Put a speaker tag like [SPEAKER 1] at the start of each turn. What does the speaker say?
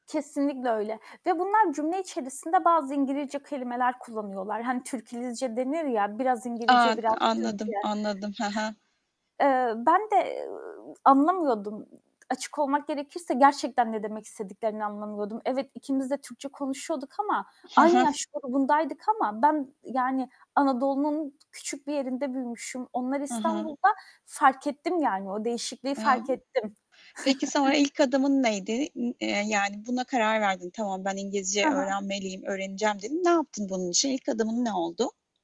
[SPEAKER 1] Kesinlikle öyle. Ve bunlar cümle içerisinde bazı İngilizce kelimeler kullanıyorlar. Hani, "Türkilizce" denir ya, biraz
[SPEAKER 2] A!
[SPEAKER 1] İngilizce biraz Türkçe.
[SPEAKER 2] Anladım, anladım. He he.
[SPEAKER 1] Eee, ben de [unintelligible] anlamıyordum. Açık olmak gerekirse gerçekten ne demek istediklerini anlamıyordum. Evet, ikimiz de Türkçe konuşuyorduk ama
[SPEAKER 2] Ha
[SPEAKER 1] aynı
[SPEAKER 2] ha.
[SPEAKER 1] yaş grubundaydık ama ben, ııı, yani Anadolu'nun küçük bir yerinde büyümüşüm. Onlar
[SPEAKER 2] Hı hı.
[SPEAKER 1] İstanbul'da. Fark ettim yani, o değişikliği fark
[SPEAKER 2] [unintelligible]
[SPEAKER 1] ettim.
[SPEAKER 2] Peki se o ilk adımın neydi? İ eee, yani buna karar verdin. "Tamam, ben İngilizce
[SPEAKER 1] Hı hı.
[SPEAKER 2] öğrenmeliyim, öğreneceğim." dedin. Ne yaptın bunun için? İlk adımın ne oldu?